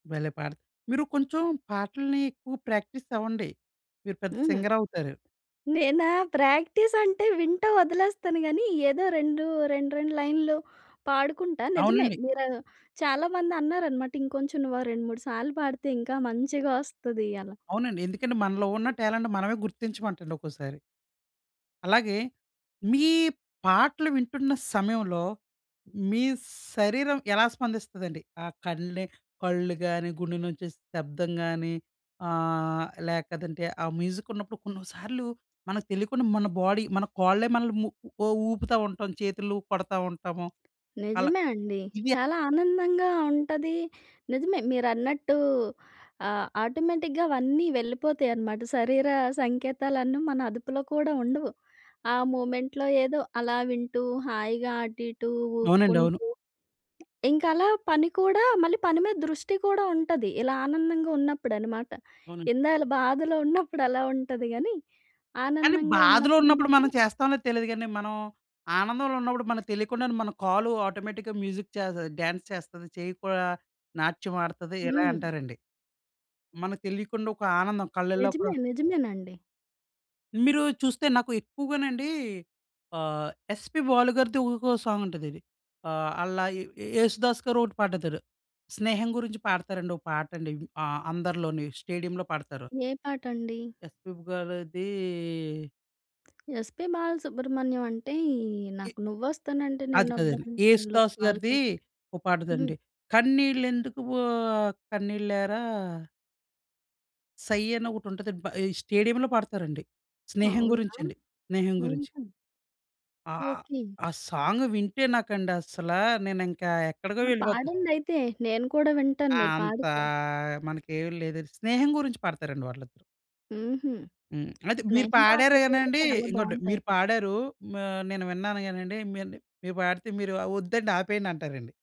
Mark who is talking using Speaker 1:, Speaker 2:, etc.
Speaker 1: భలే పాడ మీరు కొంచెం పాటల్ని ఎక్కువ ప్రాక్టీసవ్వండి. మీరు పెద్ద
Speaker 2: హ్మ్.
Speaker 1: సింగరవుతారు.
Speaker 2: నేనా? ప్రాక్టీసంటే వింటూ వదిలేస్తాను గానీ ఏదో 2 2, 2 లైన్‌లు పాడుకుంటా నిజమే
Speaker 1: అవునండి.
Speaker 2: మీరు చాలా మంది అన్నారనమాట. ఇంకొంచెం నువ్వు ఆ 2, 3 సార్లు పాడితే ఇంకా మంచిగొస్తది అలా.
Speaker 1: అవునండి. ఎందుకంటే మనలో ఉన్న టాలెంట్ మనమే గుర్తించమంటండి ఒక్కోసారి. అలాగే మీ పాటలు వింటున్న సమయంలో మీ శరీరం ఎలా స్పందిస్తదండి? ఆ కళ్ళే కళ్ళు గానీ, గుండె నుంచి శబ్దం గానీ ఆహ్, లేకదంటే ఆ మ్యూజికున్నప్పుడు కొన్నిసార్లు మనకు తెలీకుండా మన బాడీ మన కోళ్ళే మనల్ని ము ఉ ఊపుతావుంటాం. చేతుల్లుపడతా ఉంటాము. అలా
Speaker 2: నిజమే అండి.
Speaker 1: ఇదా
Speaker 2: చాలా ఆనందంగా ఉంటది. నిజమే మీరన్నట్టూ ఆహ్, ఆటోమేటిక్‌గా అవన్నీ వెళ్ళిపోతాయనమాట. శరీర సంకేతాలన్నీ మన అదుపులో కూడా ఉండవు. ఆ మూమెంట్‌లో ఏదో అలా వింటూ హాయిగా అటు ఇటు
Speaker 1: అవునండి. అవును.
Speaker 2: ఉక్కుంటూ ఇంకలా పని కూడా మళ్ళీ పని మీద దృష్టి కూడా ఉంటది. ఇలా ఆనందంగున్నప్పుడనమాట.
Speaker 1: అవునండి.
Speaker 2: ఇందాల బాధలో ఉన్నప్పుడలా ఉంటది గానీ
Speaker 1: కానీ
Speaker 2: ఆనందంగా
Speaker 1: బాధలో
Speaker 2: ఉన్నప్పుడు
Speaker 1: ఉన్నప్పుడు మనం
Speaker 2: మాత్రం
Speaker 1: చేస్తాంలేదో తెలీదు గానీ, మనం ఆనందంలో ఉన్నప్పుడు మనకు తెలియకుండానే మన కాలు ఆటోమేటిక్‌గా మ్యూజిక్ చేస డాన్స్ చేస్తది. చెయ్యి కూడా నాట్యమాడతది ఇలా
Speaker 2: హ్మ్.
Speaker 1: అంటారండి. మనకు తెలీకుండా ఒక ఆనందం కళ్ళల్లో కూడా
Speaker 2: నిజమే. నిజమేనండి.
Speaker 1: మీరూ చూస్తే నాకు ఎక్కువగానండి ఆహ్, 'ఎస్పీ బాలు' గారిది ఊకో సాంగుంటదది. ఆహ్, అల్లా యే 'యేసుదాసు' గారు ఒకటి పాడుతారు. స్నేహం గురించి పాడతారండి ఒక పాటండి ఆ! అందరిలోని స్టేడియంలో పాడతారు.
Speaker 2: ఏ పాటండి?
Speaker 1: 'ఎస్పిబీ' గారదీ
Speaker 2: 'ఎస్పీ బాలసుబ్రహ్మణ్యం' అంటే ఈ
Speaker 1: ఇ
Speaker 2: నాకు 'నువ్వొస్తానంటే
Speaker 1: అది కాదది.
Speaker 2: నేనొద్దంటానులో'
Speaker 1: 'యేసుదాసు'
Speaker 2: ఆళ్ళు
Speaker 1: గారిది
Speaker 2: తీస్
Speaker 1: ఒక
Speaker 2: హ్మ్.
Speaker 1: పాటదండి. కన్నీళ్ళెందుకు ఓహ్! కన్నీళ్ళేరా. సై అని ఒకటుంటదండి. బ స్టేడియంలో పాడతారండి. స్నేహం
Speaker 2: అవునా?
Speaker 1: గురించి అండి. స్నేహం గురించి.
Speaker 2: హుహు.
Speaker 1: ఆ! ఆ!
Speaker 2: ఓకే.
Speaker 1: ఆ సాంగ్ వింటే నాకండసలా నేనింకా ఎక్కడికో
Speaker 2: ఆ
Speaker 1: వెళ్ళిపోతారు.
Speaker 2: పాడండయితే నేను కూడా వింటాను.
Speaker 1: ఆ!
Speaker 2: మీరు
Speaker 1: అంతా
Speaker 2: పాడితే.
Speaker 1: మనకేమి లేదు. స్నేహం గురించి పాడతారండి వాళ్ళిద్దరూ.
Speaker 2: హుహు.
Speaker 1: హ్మ్. అయితే మీరు
Speaker 2: స్నేహం
Speaker 1: పాడారు
Speaker 2: పాటలు కూడా
Speaker 1: గనండి
Speaker 2: చాలా
Speaker 1: ఇంకోటి మీరు
Speaker 2: బావుంటాయండి.
Speaker 1: పాడారు. మా నేను విన్నాను గానండి. మీ నే మీరు పాడితే మీరు ఒద్దండి ఆపేయండంటారండి.